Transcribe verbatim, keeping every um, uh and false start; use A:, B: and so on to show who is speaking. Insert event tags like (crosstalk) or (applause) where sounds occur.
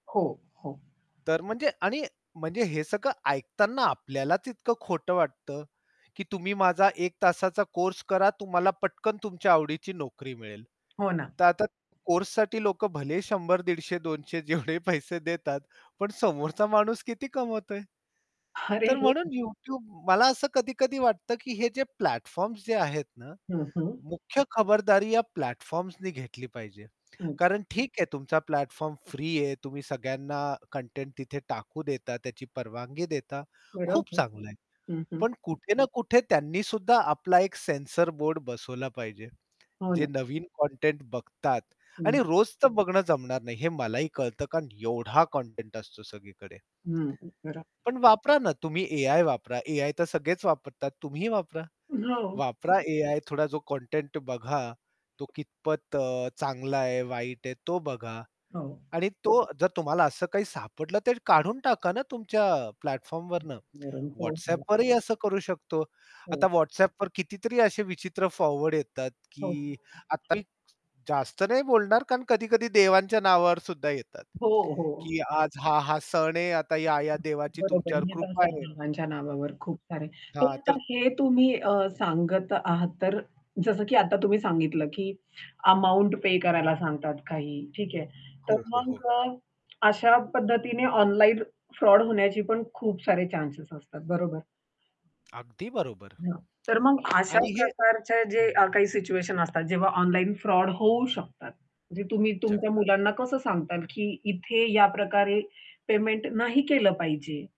A: हो, हो.
B: तर म्हणजे आणि म्हणजे हे सगळं ऐकताना आपल्यालाच इतकं खोट वाटतं, की तुम्ही माझा एक तासाचा कोर्स करा तुम्हाला पटकन तुमच्या आवडीची नोकरी मिळेल.
A: हो ना.
B: तर आता कोर्ससाठी लोक भलेही शंभर दीडशे दोनशे जेवढे पैसे देतात पण समोरचा माणूस किती कमवतोय.
A: अरे!
B: तर म्हणून
A: (chuckles)
B: YouTube मला असं कधी-कधी वाटतं, की हे जे प्लॅटफॉर्म्स जे आहेत ना,
A: हं, हं.
B: मुख्य खबरदारी या प्लॅटफॉर्म्सनी घेतली पाहिजे.
A: अच्छा.
B: कारण ठीक आहे तुमचा प्लॅटफॉर्म फ्री आहे, तुम्ही सगळ्यांना कंटेंट तिथे टाकू देता, त्याची परवानगी देता, खूप
A: बरोबर.
B: चांगलं आहे.
A: हं, हं.
B: पण कुठे ना कुठे त्यांनीसुद्धा आपला एक सेन्सर बोर्ड बसवला पाहिजे.
A: हो
B: जे
A: ना.
B: नवीन कंटेंट बघतात आणि
A: हं.
B: रोज तर बघणं जमणार नाही, हे मलाही कळतं. कारण एवढा कंटेंट असतो सगळीकडे.
A: हं, हं, बरोबर.
B: पण वापरा ना तुम्ही एआय वापरा. एआय तर सगळेच वापरतात तुम्हीही वापरा.
A: हो.
B: वापरा एआय थोडा जो कंटेंट बघा, तो कितपत अ, चांगला आहे, वाईट आहे, तो बघा.
A: हो.
B: आणि तो जर तुम्हाला असं काही सापडलं, तर काढून टाका ना तुमच्या
A: (unintelligible)
B: प्लॅटफॉर्मवरनं
A: हो, हो.
B: WhatsAppवरही असं करू शकतो.
A: हो.
B: आता WhatsAppवर कितीतरी असे विचित्र फॉरवर्ड येतात,
A: हो.
B: की आता मी जास्त नाही बोलणार, कारण कधी-कधी देवांच्या नावावर सुद्धा येतात.
A: हो, हो.
B: की आज हा, हा सण आहे आता या, या देवाची
A: बरोबर आहे,
B: तुमच्यावर
A: येत
B: कृपा
A: असता
B: आहे.
A: बाबांच्या नावावर खूप सारे.
B: हां,
A: तर आता
B: तर
A: हे तुम्ही अ, सांगत आहात, तर अ, जसं की आता तुम्ही सांगितलं की अमाउंट पे करायला सांगतात काही, ठीक आहे. तर
B: हो, हो, हो.
A: मग अ, अशा पद्धतीने ऑनलाईन फ्रॉड होण्याची पण खूप सारे चान्सस असतात, बरोबर.
B: अगदी बरोबर.
A: हां, तर मग अशा
B: आणि हे
A: प्रकारचे जे
B: हं.
A: अ, काही सिच्युएशन असतात, जेव्हा ऑनलाईन फ्रॉड होऊ शकतात. म्हणजे तुम्ही तुमच्या
B: जगतात.
A: मुलांना कसं सांगताल की इथे या प्रकारे पेमेंट नाही केलं पाहिजे.